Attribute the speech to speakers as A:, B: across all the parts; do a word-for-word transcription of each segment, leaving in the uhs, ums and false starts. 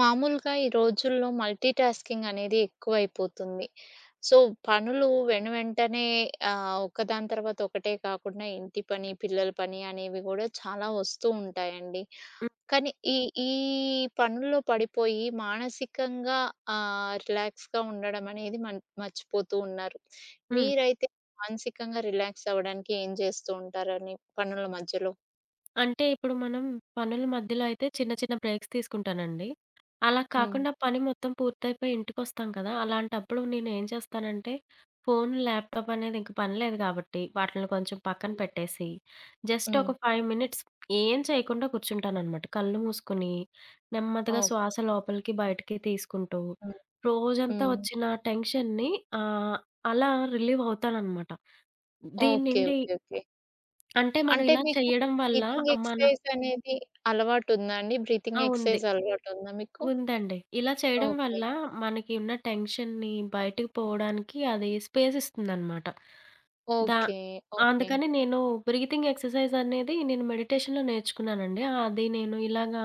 A: మామూలుగా ఈ రోజుల్లో మల్టీటాస్కింగ్ అనేది ఎక్కువైపోతుంది. సో పనులు వెను వెంటనే ఆహ్, ఒకదాని తర్వాత ఒకటే కాకుండా ఇంటి పని, పిల్లల పని అనేవి కూడా చాలా వస్తూ ఉంటాయండి.
B: హ్మ్.
A: కానీ ఈ ఈ పనుల్లో పడిపోయి. మానసికంగా ఆహ్, రిలాక్స్‌గా ఉండడం అనేది. మం మర్చిపోతూ ఉన్నారు.
B: హ్మ్.
A: మీరైతే మానసికంగా రిలాక్స్ అవ్వడానికి ఏం జేస్తూ ఉంటారని పనుల మధ్యలో?
B: అంటే, ఇప్పుడు మనం పనుల మధ్యలో అయితే చిన్న చిన్న బ్రేక్స్ తీసుకుంటానండి. అలా
A: హ్మ్.
B: కాకుండా పని మొత్తం పూర్తయపోయి ఇంటికొస్తాం కదా! అలాంటప్పుడు నేను ఏం చేస్తానంటే ఫోన్, ల్యాప్టాప్ అనేది ఇంక పని లేదు కాబట్టి వాటిల్ని కొంచెం పక్కన
A: హ్మ్.
B: పెట్టేసి, జస్ట్ ఒక
A: హ్మ్.
B: ఫైవ్ మినిట్స్ ఏం చేయకుండా కూర్చుంటాననమాట. కళ్ళు మూసుకొని, నెమ్మదిగా
A: ఓకే.
B: శ్వాస లోపలికి బయటికి తీసుకుంటూ.
A: హ్మ్.
B: రోజంతా
A: హ్మ్.
B: వచ్చిన టెన్షన్‌ని ఆహ్, అలా రిలీవ్ అవుతాననమాట.
A: ఓకే.
B: దీన్నిండి
A: ఓకే. ఓకే.
B: అంటే మనం
A: అంటే,
B: ఇలా
A: మీకు
B: చేయడం వల్ల
A: బ్రీతింగ్
B: ఆ మన
A: ఎక్సర్సైజ్ అనేది అలవాటు ఉందా అండి?
B: ఆ
A: బ్రీతింగ్
B: వుంది.
A: ఎక్ససైజ్ అలవాటుందా మీకు?
B: ఉందండి. ఇలా చేయడం
A: ఓకే.
B: వల్ల మనకి ఉన్న టెన్షన్‌ని బయటకి పోవడానికి అది స్పేస్ ఇస్తుందనమాట. దా
A: ఓకే. ఓకే.
B: అందుకని నేను బ్రీతింగ్ ఎక్ససైజ్ అనేది నేను మెడిటేషన్‌లొ నేర్చుకున్నానండి. అది నేను ఇలాగా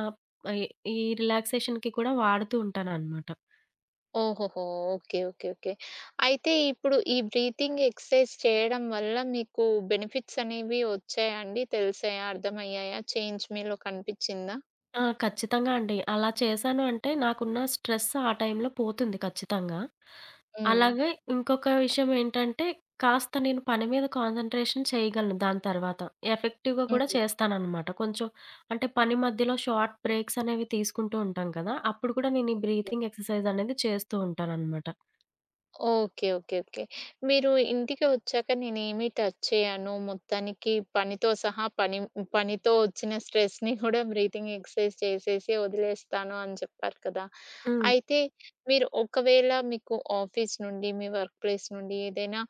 B: ఆహ్, ఈ రిలాక్సేషన్‌కి కూడా వాడుతూ ఉంటాననమాట.
A: ఓహోహో! ఓకే. Okay, okay. అయితే ఇప్పుడు ఈ బ్రీతింగ్ ఎక్సర్సైజ్ చేయడం వల్ల మీకు బెనిఫిట్స్ అనేవి వచ్చాయ అండి? తెలిసాయా? అర్థమయ్యాయా? చేంజ్ మీలో కనిపిచ్చిందా?
B: ఆ! ఖచ్చితంగా అండి. అలా చేశాను అంటే నాకున్న స్ట్రెస్ ఆ టైంలో పోతుంది ఖచ్చితంగా.
A: హ్మ్.
B: అలాగ ఇంకొక విషయం ఏంటంటే కాస్త నేను పని మీద కాన్సంట్రేషన్ చేయగలను దాని తర్వాత. ఎఫెక్టివ్‌గా కూడా
A: హ్మ్.
B: చేస్తాననమాట. కొంచెం అంటే పని మధ్యలో షార్ట్ బ్రేక్స్ అనేవి తీసుకుంటూ ఉంటాను కదా! అప్పుడు కూడా నేను ఈ
A: ఓకే.
B: బ్రీతింగ్ ఎక్సర్సైజ్ అనేది చేస్తూ ఉంటాననమాట.
A: ఓకే. ఓకే. ఓకే. మీరు ఇంటికి వచ్చాక నేనేమి టచ్ చేయను. మొత్తానికి పనితో సహా పనిని పనితో వచ్చిన స్ట్రెస్‌ని కూడా బ్రీతింగ్ ఎక్సర్సైజ్ చేసేసి వదిలేస్తాను అని చెప్పారు కదా!
B: హ్మ్.
A: అయితే మీరు ఒకవేళ మీ ఆఫీసు నుండి, మీ వర్క్‌ప్లేస్ నుండి ఏదైనా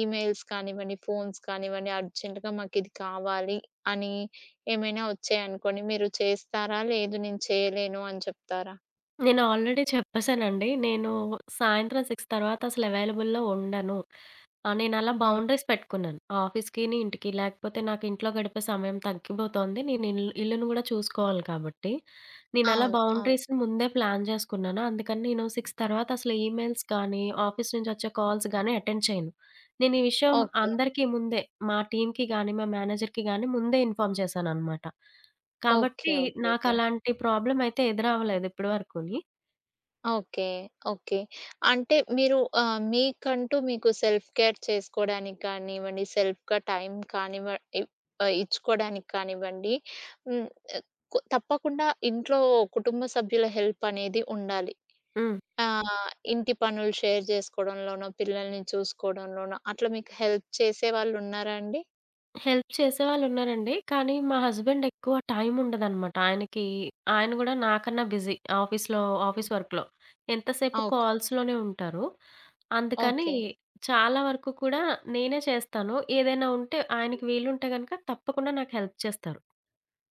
A: ఈమెయిల్స్ కానివ్వండి, ఫోన్స్ కానివ్వండి, అర్జెంట్‌గా మాకిది కావాలి అని ఏమైనా వచ్చాయనుకోండి మీరు చేస్తారా? "లేదు, నేను చేయలేను" అని చెప్తారా?
B: నేను ఆల్రెడీ చెప్పేసానండి. నేను సాయంత్రం సిక్స్ తర్వాత అసలు అవైలబుల్‌లో ఉండను. ఆహ్, నేనలా
A: హ్మ్.
B: బౌండరీస్ పెట్టుకున్నాను. ఆఫీసుకిని, ఇంటికి, లేకపోతే నాకు ఇంట్లో గడిపే సమయం తగ్గిపోతుంది. నేనిల్ ఇల్లును గూడా చూసుకోవాలి కాబట్టి, నేనలా
A: అవును. అవును.
B: బౌండరీస్‌ని ముందే ప్లాన్ చేసుకున్నాను. అందుకని నేను సిక్స్ తర్వాత అసలు ఈమెయిల్స్ కానీ, ఆఫీసు నుంచొచ్చే కాల్స్ గానీ అటెండ్ చేయను. నేనీ విషయం
A: ఓకే.
B: అందరికీ ముందే మా టీమ్‌కి గాని, మా మేనేజర్‌కి గాని ముందే ఇన్ఫార్మ్ చేశాననమాట.
A: ఓకే.
B: కాబట్టి
A: ఓకే. ఓకే.
B: నాకలాంటి ప్రాబ్లమ్ అయితే ఎదురవ్వలేదు ఇప్పడి వరకుని.
A: ఓకే. ఓకే. అంటే, మీరు ఆహ్, మీకంటూ మీకు సెల్ఫ్ కేర్ చేసుకోవడానికి కానివ్వండి, సెల్ఫ్‌గా టైం కానివ్వ ఇ ఆహ్, ఇచ్చుకోడానికి కానివ్వండి. హ్మ్. కు తప్పకుండా, ఇంట్లో కుటుంబ సభ్యుల హెల్పనేది ఉండాలి.
B: హ్మ్.
A: ఆ! ఇంటి పనులు షేర్ చేసుకోవడంలోనో, పిల్లల్ని చూసుకోవడంలోనో, అట్లా మీకు హెల్ప్ చేసేవాళ్ళు ఉన్నారాండి?
B: హెల్ప్ చేసేవాళ్ళు ఉన్నారండి. కానీ, మా హస్బాండెక్కువ టైముండదనమాట. ఆయనకి ఆయన కూడా నాకన్నా బిజీ. ఆఫీస్‌లో ఆఫీస్
A: హ్మ్.
B: వర్క్‌లో. ఎంతసేపు
A: ఓకే.
B: కాల్స్‌లోనే ఉంటారు. అందుకని,
A: ఓకే.
B: చాలా వరకు కూడా, నేనే చేస్తాను. ఏదైనా ఉంటే, ఆయనకి వీలుంటే గనక తప్పకుండా నాకు హెల్ప్ చేస్తారు.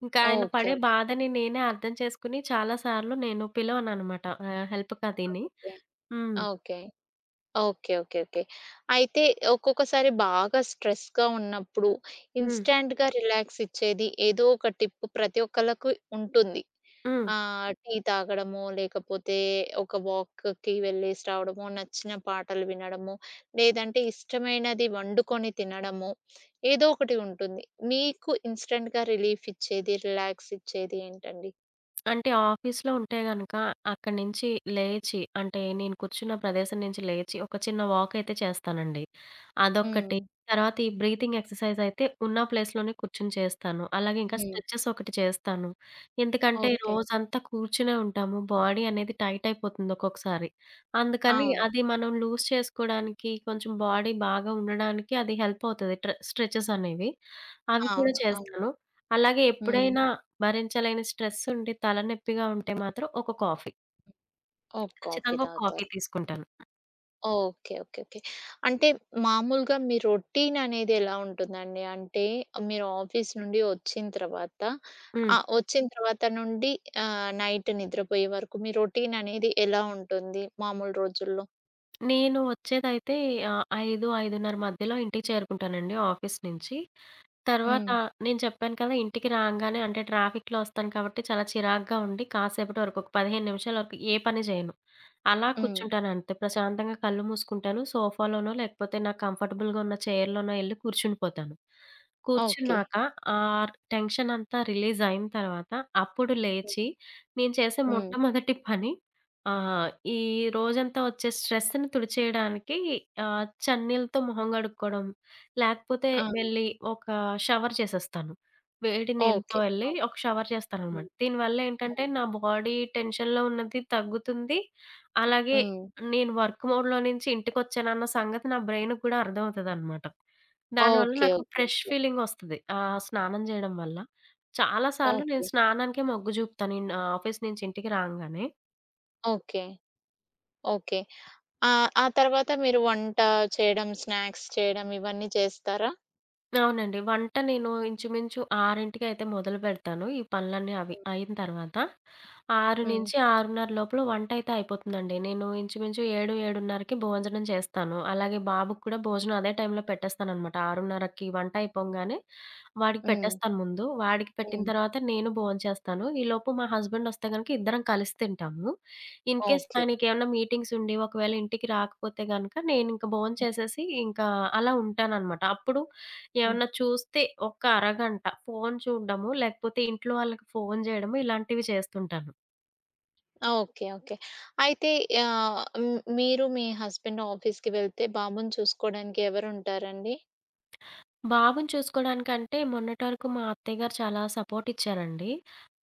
B: ఇంకా ఆయన
A: ఓకే.
B: పడే
A: ఓకే.
B: బాధని నేనే అర్థం చేసుకొని, చాలా సార్లు నేను పిలవననమాట. ఆహ్, హెల్ప్‌కదీని.
A: ఓకే.
B: హ్మ్.
A: ఓకే. ఓకే. ఓకే. ఓకే. అయితే, ఒక్కొక్కసారి బాగా స్ట్రెస్‌గా ఉన్నప్పుడు
B: హ్మ్.
A: ఇన్‌స్టాంట్‌గా రిలాక్సిచ్చేది ఏదోక టిప్ ప్రతి ఒక్కళ్ళకు ఉంటుంది.
B: హ్మ్.
A: ఆహ్, టీ తాగడమో, లేకపోతే ఒక వాక్‌కి వెళ్ళేసి రావడమో, నచ్చిన పాటలు వినడమో, లేదంటే ఇష్టమైనది వండుకొని తినడమో, ఏదోకటి ఉంటుంది. నికు ఇన్‌స్టాంట్‌గా రిలీఫిచ్చేది, రిలాక్సిచ్చేది ఏంటండి?
B: అంటే, ఆఫీసులో ఉంటే గనక అక్కడి నుంచి లేచి, అంటే, నేను కూర్చున్న ప్రదేశం నుంచి లేచి, ఒక చిన్న వాక్ అయితే చేస్తానండి. అదొక్కటి,
A: హ్మ్.
B: తర్వాత ఈ బ్రీతింగ్ ఎక్సర్సైజ్ అయితే ఉన్న ప్లేస్‌లోనే కూర్చొని చేస్తాను. అలాగే ఇంకా
A: హ్మ్.
B: స్ట్రెచెస్ ఒకటి చేస్తాను. ఎందుకంటే
A: ఓకే.
B: రోజంతా కూర్చునే ఉంటాము. బాడీ అనేది టైట్ అయిపోతుంది ఒక్కొక్కసారి. అందుకని
A: అవును.
B: అది మనం లూజ్ చేసుకోవడానికి కొంచెం బాడీ బాగా ఉండడానికి అది హెల్ప్ అవుతది ట్రె స్ట్రెచెస్ అనేవి. అవి కూడా
A: అవును. అవును.
B: చేస్తాను. అలాగే
A: హ్మ్.
B: ఎప్పుడైనా భరించలేని స్ట్రెస్ ఉండి, తలనెప్పిగా ఉంటే మాత్రం ఒక కాఫీ.
A: ఓహ్! కాఫీ
B: ఖచ్చితంగా ఒక కాఫీ
A: తాగుతారు.
B: తీసుకుంటాను.
A: ఓకే. ఓకే. ఓకే. అంటే, మామూలుగా మీ రొటీన్ అనేదెలా ఉంటుందండి? అంటే, మీరు ఆఫీసు నుండి వచ్చిన తర్వాత
B: హ్మ్.
A: ఆహ్, ఒచ్చిన తర్వాత నుండి ఆహ్, నైట్ నిద్రపోయే వరకు మీ రొటీన్ అనేది ఎలా ఉంటుంది మామూలు రోజుల్లో?
B: నేను ఒచ్చేదైతే ఆహ్, ఐదు ఐదున్నర మధ్యలో ఇంటికి చేరుకుంటానండి ఆఫీస్ నుంచి. తర్వాత,
A: హ్మ్.
B: నేను చెప్పాను కదా! ఇంటికి రాంగానే అంటే, ట్రాఫిక్‌లో ఒస్తాను, కాబట్టి చాలా చిరాకుగా ఉండి, కాసేపటి వరకు ఒక పదిహేను నిమిషాల వరకు ఏ పని జేయను. అలా
A: హ్మ్.
B: కూర్చుంటానంతే. ప్రశాంతంగా కళ్ళు మూసుకుంటాను. సోఫాలోనో, లేకపోతే నాకు కంఫర్టబుల్‌గా ఉన్న చైర్‌లోనో ఎళ్ళి కూర్చుండిపోతాను.
A: ఓకే.
B: కూర్చున్నాక, ఆ టెన్షన్ అంతా రిలీజ్ అయిన తర్వాత, అప్పుడు
A: హ్మ్.
B: లేచి, నేను చేసే
A: హ్మ్.
B: మొట్టమొదటి పని ఆహ్, ఈ రోజంతా ఒచ్చే స్ట్రెస్‌ని తుడిచేయడానికి ఆహ్, చన్నీల్లతో మొహం కడుక్కోవడం, లేకపోతే
A: అవును.
B: వెళ్ళి ఒక షవర్ చేసేస్తాను. వేడి నీళ్లతో,
A: ఓకే.
B: వెళ్ళి
A: ఓకే.
B: ఒక షవర్ చేస్తాననమాట.
A: హ్మ్.
B: దీనివల్ల ఏంటంటే,
A: హ్మ్.
B: నా బాడీ టెన్షన్‌లో ఉన్నది తగ్గుతుంది. అలాగే
A: హ్మ్.
B: నేను వర్క్ మోడ్‌లో నుంచి ఇంటికొచ్చానన్న సంగతి నా బ్రెయిన్‌కి కూడా అర్థమవుతదనమాట. దానివల్ల
A: ఓకే.
B: నాకు
A: ఓకే.
B: Fresh
A: okay.
B: ఫీలింగ్ ఒస్తది, ఆ స్నానం చేయడం వల్ల. చాలా సార్లు నేను
A: ఓకే.
B: స్నానంకే మొగ్గు జూపుతాను ఇన్ ఆఫీస్ నుంచి ఇంటికి రాంగానే.
A: ఓకే. ఓకే. ఆ! ఆ తర్వాత మీరు వంట చేయడం, స్నాక్స్ చేయడం ఇవన్నీ చేస్తారా?
B: అవునండి. వంట నేను ఇంచుమించు ఆరింటికైతే మొదలుబెడతాను. ఈ పనులన్నీ అవి
A: హ్మ్.
B: అయిన తర్వాత. ఆరు
A: హ్మ్.
B: నుంచి ఆరున్నర లోపల వంటయితే అయిపోతుందండి. నేను ఇంచుమించు ఏడు ఏడున్నరకి భోజనం చేస్తాను. అలాగే బాబుకి కూడా భోజనం అదే టైంలో పెట్టేస్తాననమాట. ఆరున్నరకి
A: ఓకే.
B: వంటయిపోంగానే వాడికి
A: హ్మ్.
B: పెట్టేస్తాను ముందు. వాడికి పెట్టిన
A: హ్మ్.
B: తర్వాత నేను భోం చేస్తాను. ఈలోపు మా హస్బెండొస్తే గనక ఇద్దరం కలిసి తింటాము. In case
A: okay.
B: ఆయనకేవన్నా మీటింగ్సుండి, ఒకవేళ ఇంటికి రాకపోతే గనక నేనింక భోం
A: హ్మ్.
B: చేసేసి ఇంకా అలా ఉంటాననమాట. అప్పుడు
A: హ్మ్.
B: ఏవన్నా చూస్తే, ఒక అరగంట ఫోను చూడ్డము, లేకపోతే ఇంట్లో వాళ్ళకి ఫోను జేయడము ఇలాంటివి చేస్తుంటాను.
A: ఆ! ఓకే. ఓకే. అయితే ఆహ్, హ్మ్, మీరు మీ హస్బెండ్ ఆఫీస్‌కి వెళ్తే, బాబుని చూసుకోడానికి ఎవరుంటారండి?
B: బాబుని చూసుకోడానికంటే, మొన్నటి వరకు మా అత్తయ్య గారు చాలా సపోర్టిచ్చారండి.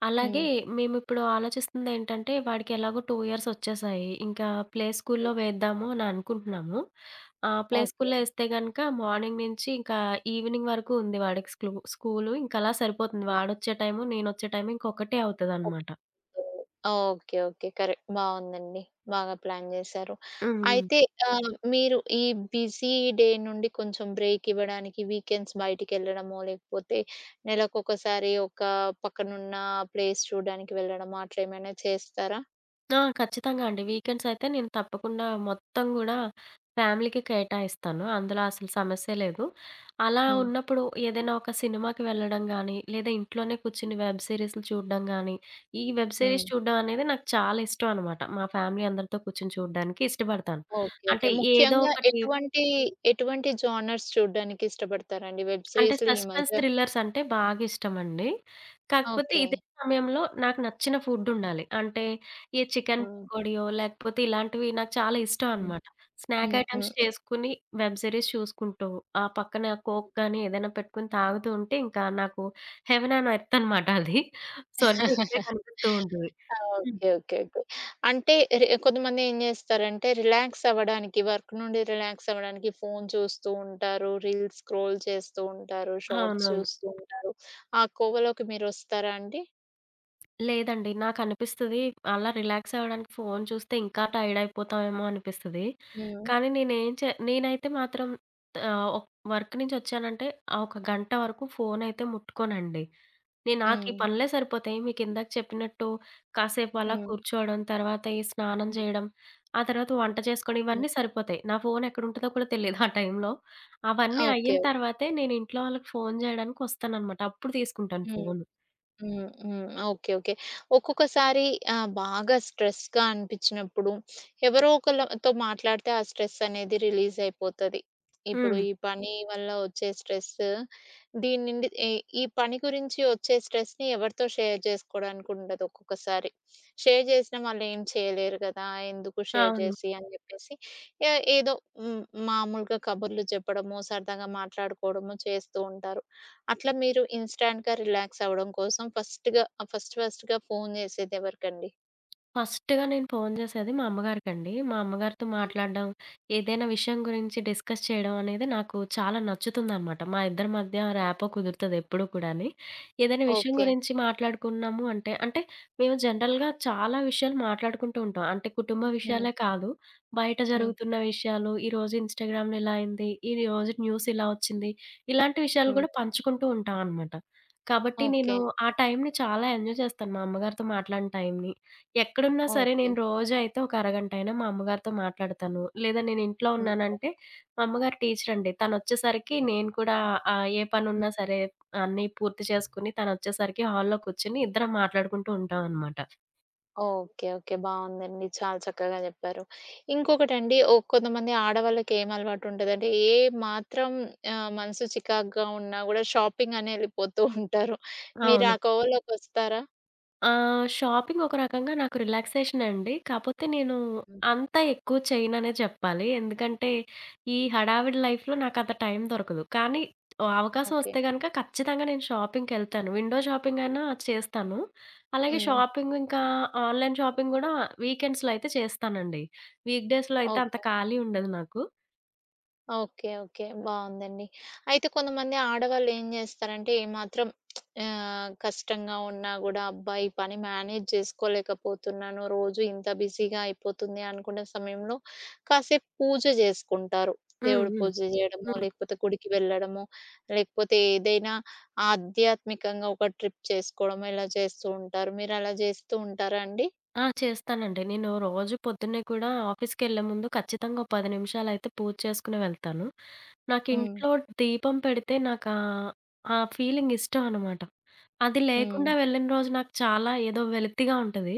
B: అలాగే
A: హ్మ్.
B: మేము ఇప్పుడు ఆలోచిస్తుందేంటంటే, వాడికెలాగో టు ఇయర్సొచ్చేసాయి, ఇంకా ప్లే
A: హ్మ్.
B: స్కూలుల్లో వేద్దాము అని అనుకుంటున్నాము. ఆహ, ప్లే
A: ఓకే.
B: స్కూలులో ఏస్తే గనక మార్నింగ్ నుంచి, ఇంకా ఈవెనింగ్ వరకు ఉంది వాడికి స్లూ స్కూలు ఇంక అలా సరిపోతుంది. వాడొచ్చే టైము నేనొచ్చే టైము ఇంకొక్కటే
A: ఓకే.
B: అవుతదనమాట.
A: Okay. Okay. Okay, okay. Correct బావుందండి. బాగా ప్లాన్ జేశారు.
B: హ్మ్, హ్మ్.
A: అయితే ఆహ్, మీరు ఈ బిజీ డే నుండి, కొంచెం బ్రేకివ్వడానికి వీకెండ్స్ బయటికెళ్ళడమో, లేకపోతే నెలకొక్కసారి ఒక పక్కనున్న ప్లేస్ చూడ్డానికి వెళ్ళడమో అట్లా ఏమైనా చేస్తారా?
B: ఆ! ఖచ్చితంగా అండి. వీకెండ్సయితే నేను తప్పకుండా మొత్తం కూడా ఫ్యామిలీకే కేటాయిస్తాను. అందులో అసల సమస్య లేదు. అలా
A: హ్మ్.
B: ఉన్నప్పుడు ఏదైనా ఒక సినిమాకి వెళ్ళడం గానీ, లేదా ఇంట్లోనే కూర్చొని వెబ్ సరీస్‌లు చూడడం గానీ, ఈ వెబ్ సిరీస్
A: హ్మ్.
B: చూడడం అనేది నాకు చాలా ఇష్టం అనమాట. మా ఫ్యామిలీ అందరితో కూర్చొని చూడ్డానికి ఇష్టపడతాను.
A: ఓకే. ఓకే.
B: అంటే ఏదో
A: ముఖ్యంగా
B: ఒకటి
A: ఎటువంటి ఎటువంటి జోనర్స్ చూడ్డానికి ఇష్టపడతారాడి? వెబ్
B: అంటే,
A: సీరీస్‌లు ఈ
B: సస్పెన్స్
A: మధ్య
B: థ్రిల్లర్సంటే బాగా ఇష్టమండి. కాకపోతే
A: ఓకే.
B: ఇదే సమయంలో, నాకు నచ్చిన ఫుడ్డుండాలి. అంటే, ఈ చికెన్
A: హ్మ్.
B: పకోడియో, లేకపోతే ఇలాంటివి నాకు చాలా ఇష్టం
A: హ్మ్.
B: అనమాట. స్నాక్
A: హ్మ్.
B: ఐటెమ్స్
A: హ్మ్.
B: చేసుకొని, వెబ్ సరీస్ చూసుకుంటూ, ఆ పక్కన కోక్ కానీ ఏదైనా పెట్టుకొని తాగుతూ ఉంటే ఇంకా నాకు హెవన్ ఆన్ ఎర్త్ అనమాట అది. సవర్గం ఇక్కడే కనిపిస్తూ ఉంటుది. హ్మ్.
A: Okay, okay, okay. అంటే, రి కొంతమంది ఏం చేస్తారంటే, రిలాక్సవ్వడానికి వర్క్ నుండి రిలాక్సవ్వడానికి ఫోను చూస్తూ ఉంటారు, రీల్స్ క్రోల్ చేస్తూ ఉంటారు, షార్ట్స్
B: అవునవును.
A: చూస్తూ ఉంటారు ఆ కోవలోకి మీరు వస్తారా అండి?
B: లేదండి. నాకనిపిస్తది. అలా రిలాక్సవ్వడానికి ఫోను చూస్తే ఇంకా టైడయిపోతామేమో అనిపిస్తది.
A: హ్మ్.
B: కానీ నేనే చే నేనైతే మాత్రం ఆహ్, ఒక్ వర్క్ నుంచి వచ్చానంటే, ఆ ఒక గంట వరకు ఫోనైతే ముట్టుకోనండి. నే నాకు ఈ
A: హ్మ్.
B: పనులే సరిపోతాయి, మీ కిందాక చెప్పినట్టు కాసేపు అలా
A: హ్మ్.
B: కూర్చోవడం, తర్వాత ఈ స్నానం
A: హ్మ్.
B: చేయడం, ఆ తర్వాత వంట చేసుకోవడం
A: హ్మ్.
B: ఇవన్నీ సరిపోతాయి. నా ఫోనెక్కడుంటదో కూడా తెలీదు ఆ టైంలో.
A: ఓకే.
B: అవన్నీ అయిన
A: ఓకే.
B: తర్వాతే, నేను ఇంట్లో వాళ్ళకి ఫోను చేయడానికొస్తాననమాట. అప్పుడు తీసుకుంటాను
A: హ్మ్.
B: ఫోను.
A: హ్మ్. హ్మ్. Okay, okay. ఒక్కొక్కసారి ఆహ్, బాగా స్ట్రెస్‌గా అనిపించినప్పుడు, ఎవరో ఒకళ్ళతో మాట్లాడితే ఆ స్ట్రెసనేది రిలీజయిపోతది. ఇప్పుడు
B: హ్మ్.
A: ఈ పని వల్ల వచ్చే స్ట్రెసు, దీని నుండి ఎ ఈ పని గురించి వచ్చే స్ట్రెస్‌ని ఎవరితో షేర్ చేసుకోవడానికి ఉండదు ఒక్కొక్కసారి. షేర్ చేసినా వాళ్ళు ఏం చేయలేరు కదా! ఎందుకు షేర్
B: అవును.
A: చేసి అని చెప్పేసి ఆహ్, ఎ ఏదో హ్మ్, మామూలుగా కబర్లు చెప్పడము, సరదాగా మాట్లాడుకోవడము చేస్తూ ఉంటారు. అట్లా మీరు ఇన్‌స్టాంట్‌గా రిలాక్సఅవ్వడం కోసం ఫస్ట్‌గా ఫస్ట్, ఫస్ట్‌గా ఫోను చేసేది ఎవరికండి?
B: ఫస్టుగా నేను ఫోను చేసేది మా అమ్మగారికండి. మా అమ్మగారితో
A: హ్మ్.
B: మాట్లాడడం, ఏదైనా విషయం గురించి డిస్కస్ చేయడం అనేది నాకు చాలా నచ్చుతుందనమాట. మా ఇద్దరి మధ్య ర్యాపో
A: ఓకే.
B: కుదురుతదెప్పుడ కూడాని. ఏదైనా విషయం
A: ఓకే.
B: గురించి మాట్లాడుకున్నాము అంటే, అంటే మేము జనరల్‌గా చాలా విషయాలు మాట్లాడుకుంటూ ఉంటాం. అంటే కుటుంబ
A: హ్మ్.
B: విషయాలే కాదు. బయట
A: హ్మ్.
B: జరుగుతున్న విషయాలు, ఈరోజు ఇన్స్‌టాగ్రామ్‌లో ఇలా అయింది. ఈరోజు న్యూసిలా వచ్చింది. ఇలాంటి విషయాలు
A: హ్మ్.
B: కూడా పంచుకుంటూ ఉంటాం అనమాట. కాబట్టి నేను
A: ఓకే.
B: ఆ టైంని చాలా ఎంజాయ్ చేస్తాను. మా అమ్మగారితో మాట్లాడిన టైంని. ఎక్కడున్నా సరే నేను
A: ఓకే.
B: రోజు అయితే ఒక అరగంటయినా మా అమ్మగారితో మాట్లాడతాను. లేదా నేనింట్లో
A: ఓకే.
B: ఉన్నానంటే మా అమ్మగారు టీచరండి. తనొచ్చేసరికి నేను కూడా ఆహ్, ఏ
A: హ్మ్.
B: పనున్నా సరే అన్నీ పూర్తి చేసుకొని తనొచ్చేసరికి హాల్‌లో కూర్చొని ఇద్దరం మాట్లాడుకుంటూ ఉంటాం అనమాట.
A: ఓకే. ఓకే. బావుందండి. చాలా చక్కగా చెప్పారు. ఇంకొకటండి ఓ కొంతమంది ఆడవాళ్ళకేమలవాటుంటదంటే ఏ మాత్రం ఆహ్, మనసు చికాగ్గా ఉన్నా కూడా షాపింగనెళ్ళిపోతూ ఉంటారు. మీరు ఆ
B: అవును.
A: కోవలోకొస్తారా?
B: ఆహ్! షాపింగ్ ఒక రకంగా నాకు రిలాక్సేషనండి. కాపోతే నేను
A: హ్మ్.
B: అంత ఎక్కువ చేయననే చెప్పాలి. ఎందుకంటే ఈ హడావిడి లైఫ్‌లో నాకంత టైం దొరకదు. కానీ
A: ఓకే.
B: అవకాశవొస్తే గనుక ఖచ్చితంగా నేను షాపింగ్‌కెళ్తాను. విండో షాపింగయినా చేస్తాను. అలాగే
A: హ్మ్.
B: షాపింగింకా ఆన్‌లైన్ షాపింగ్ కూడా వీకెండ్స్‌లో అయితే చేస్తానండి. వీక్‌డేస్‌లో అయితే అంత
A: ఓకే.
B: ఖాళీ ఉండదు నాకు.
A: ఓకే. ఓకే. బావుందండి. అయితే కొంతమంది ఆడవాళ్ళు ఏం జేస్తారంటే ఏ మాత్రం ఆహ్, కష్టంగా ఉన్నా గూడా అబ్బా! ఈ పని మేనేజ్ జేసుకోలేకపోతున్నాను. రోజూ ఇంత బిజీగాయిపోతుంది, అనుకున్న సమయంలో కాసేపు పూజ జేసుకుంటారు.
B: హ్మ్.
A: దేవుడు
B: హ్మ్.
A: పూజ జేయడమో,
B: హ్మ్.
A: లేకపోతే గుడికి వెళ్ళడమో, లేకపోతే ఏదైనా ఆధ్యాత్మికంగా ఒక ట్రిప్ చేసుకోవడమో, ఇలా చేస్తూ ఉంటారు. మీరలా జేస్తూ ఉంటారాండి?
B: ఆ! చేస్తానండి. నేను రోజు పొద్దున్నే కూడా ఆఫీస్‌కెళ్లే ముందు ఖచ్చితంగా, పది నిమిషాలైతే పూజ చేసుకొని వెళ్తాను.
A: హ్మ్.
B: నాకింట్లో దీపం పెడితే నాకా ఆ ఫీలింగ్ ఇష్టం అనమాట. అది
A: హ్మ్.
B: లేకుండా వెళ్ళిన రోజు నాకు చాలా, ఏదో వెలతిగా ఉంటది.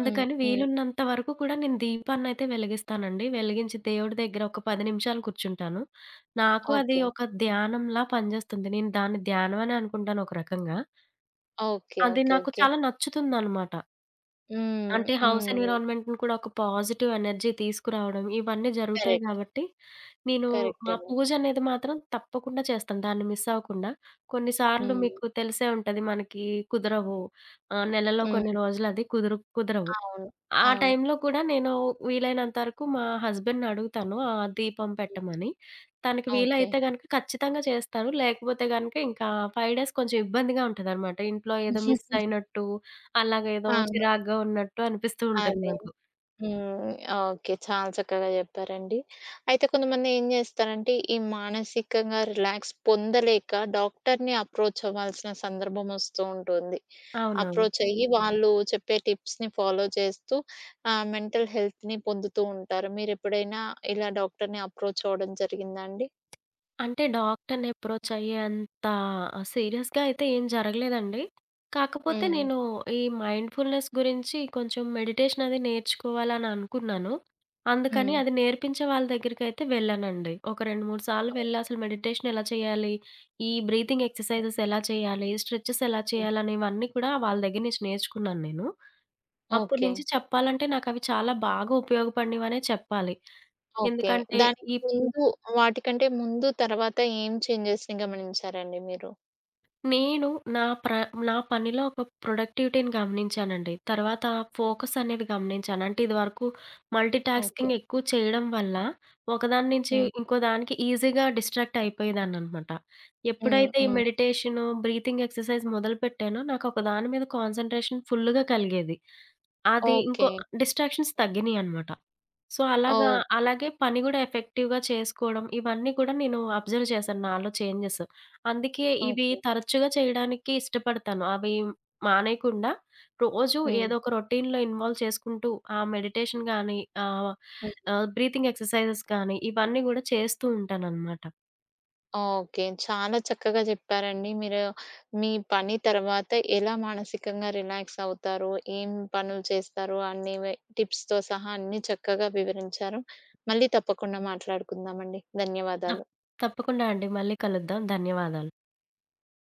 A: హ్మ్. హ్మ్.
B: వీలున్నంత వరకు కూడా నేను దీపాన్నైతే వెలిగిస్తానండి. వెలిగించి దేవుడి దెగ్గర ఒక పది నిమిషాలు కూర్చుంటాను. నాకు అది
A: ఓకే.
B: ఒక ధ్యానంలా పనిజేస్తుంది. నేను దాన్ని ధ్యానం అనే అనుకుంటాను ఒక రకంగా.
A: ఓకే.
B: అది
A: ఓకే.
B: నాకు
A: ఓకే.
B: చాలా నచ్చుతుందనమాట.
A: హ్మ్.
B: అంటే హౌస్
A: హ్మ్.
B: ఎన్విరాన్మెంట్‌ని కూడా ఒక పాజిటివ్ ఎనర్జీ తీసుకురావడం, ఇవన్నీ జరుగుతాయి
A: కరెక్ట్.
B: కాబట్టి, నేను మా
A: కరెక్టండి.
B: పూజనేది మాత్రం తప్పకుండా చేస్తాను. దాన్ని మిస్సవ్వకుండా. కొన్నిసార్లు
A: హ్మ్.
B: మీకు తెలిసే ఉంటది మనకి కుదరవు. ఆహ్, నెలలో కొన్ని
A: హ్మ్.
B: రోజులు, అది కుదురు కుదరవు.
A: అవును.
B: ఆ
A: అవును.
B: టైంలో కూడా నేను వీలైనంత వరకు మా హస్బాండ్‌ని అడుగుతాను. ఆ దీపం పెట్టమని. తనకి
A: ఓకే.
B: వీలైతే గనక ఖచ్చితంగా చేస్తాను. లేకపోతే గనక ఇంకా ఫైవ్ డేస్ కొంచెం ఇబ్బందిగా ఉంటదనమాట. ఇంట్లో ఏదో
A: హుహుహు.
B: మిస్సయినట్టు, అలాగ ఏదో
A: అవును.
B: చిరాగ్గా ఉన్నట్టు అనిపిస్తూ ఉంటుంది
A: అదే.
B: నాకు.
A: హ్మ్. ఓకే. చాలా చక్కగా చెప్పారండి. అయితే కొంతమంది ఏం జేస్తారంటే, ఈ మానసికంగా రిలాక్స్ పొందలేక డాక్టరుని అప్రోచవ్వాల్సిన సందర్భం వస్తూ ఉంటుంది.
B: అవునవును.
A: అప్రోచయ్యి వాళ్ళు, చెప్పే టిప్స్‌ని ఫాలో చేస్తూ, ఆహ్, మెంటల్ హెల్త్‌ని పొందుతూ ఉంటారుా? మీరెప్పుడైనా ఇలా డాక్టరుని అప్రోచవ్వడం జరిగిందాండి?
B: అంటే డాక్టరుని అప్రోచయ్యేంత సీరియస్‌గా అయితే ఏం జరగలేదండి. కాకపోతే
A: హ్మ్.
B: నేను ఈ మైండ్‌ఫుల్‌నేస్ గురించి కొంచెం మెడిటేషనది నేర్చుకోవాలననుకున్నాను. అందుకని
A: హ్మ్.
B: అది నేర్పించే వాళ్ళ దెగ్గరకైతే వెళ్ళానండి. ఒక రెండు, మూడు సార్లు
A: ఓ
B: వెళ్లి అసలు మెడిటేషనేలా చేయాలి? ఈ బ్రీతింగ్ ఎక్సర్సైజెస్ ఎలా చేయాలి? స్ట్రెచెస్ ఎలా చేయాలని, ఇవన్నీ కూడా వాళ్ళ దెగ్గర నుంచి నేర్చుకున్నాను నేను. అప్పడు నుంచి
A: ఓకే.
B: చెప్పాలంటే, నాకవి చాలా బాగూపయోగపడినవనే చెప్పాలి.
A: ఓకే.
B: ఎందుకంటే
A: దానికి
B: ఈప్
A: ముందు, వాటికంటే ముందు, తర్వాత ఏం చేంజెస్‌ని గమనించారండి మీరు?
B: నేను నా ప్ర నా పనిలో ఒక ప్రొడక్టివిటీని గమనించానండి. తర్వాత ఫోకస్ అనేవి గమనించాను. అంటే ఇది వరకు
A: ఓకే.
B: మల్టీటాస్కింగ్ ఎక్కువ చేయడం వల్ల ఒకదాని నుంచి
A: హ్మ్.
B: ఇంకోదానికి ఈజీగా డిస్ట్రాక్ట్ అయిపోయేదాన్ననమాట.
A: హ్మ్.
B: ఎప్పుడైతే ఈ
A: హ్మ్.
B: మెడిటేషను, బ్రీతింగ్ ఎక్సర్సైజ్ మొదలుపెట్టానో నాకొక దాని మీద కాన్సంట్రేషన్ ఫుల్లుగా కలిగేది. అది ఇంకో
A: ఓకే.
B: డిస్ట్రాక్షన్స్ తగ్గినయనమాట. సో, అలాగా
A: ఓహ్!
B: అలాగే పనికూడా ఎఫెక్టివ్‌గా చేసుకోవడం ఇవన్నీ కూడా నేను అబ్జర్వ్ చేశాను నాలో చేంజెస్. అందుకే ఇవి
A: ఓకే.
B: తరచుగా చేయడానికి ఇష్టపడతాను. అవి మానేయకుండా రోజు
A: హ్మ్.
B: ఏదో ఒక రొటీన్‌లో ఇన్వాల్వ్ చేసుకుంటూ ఆ మెడిటేషన్ గానీ, ఆహ్,
A: హ్మ్.
B: ఆహ్, బ్రీతింగ్ ఎక్సర్సైజెస్ కానీ ఇవన్నీ కూడా చేస్తూ ఉంటాననమాట.
A: ఓకే. చాలా చక్కగా చెప్పారండి. మీరు మీ పని తర్వాత ఎలా మానసికంగా రిలాక్స్ అవుతారో, ఏం పనులు చేస్తారో అనేవి టిప్స్‌తో సహా అన్నీ చక్కగా వివరించారు. మళ్ళీ తప్పకుండా మాట్లాడుకుందామండి.
B: త
A: ధన్యవాదాలు.
B: తప్పకుండా అండి మళ్ళీ కలుద్దాం. ధన్యవాదాలు.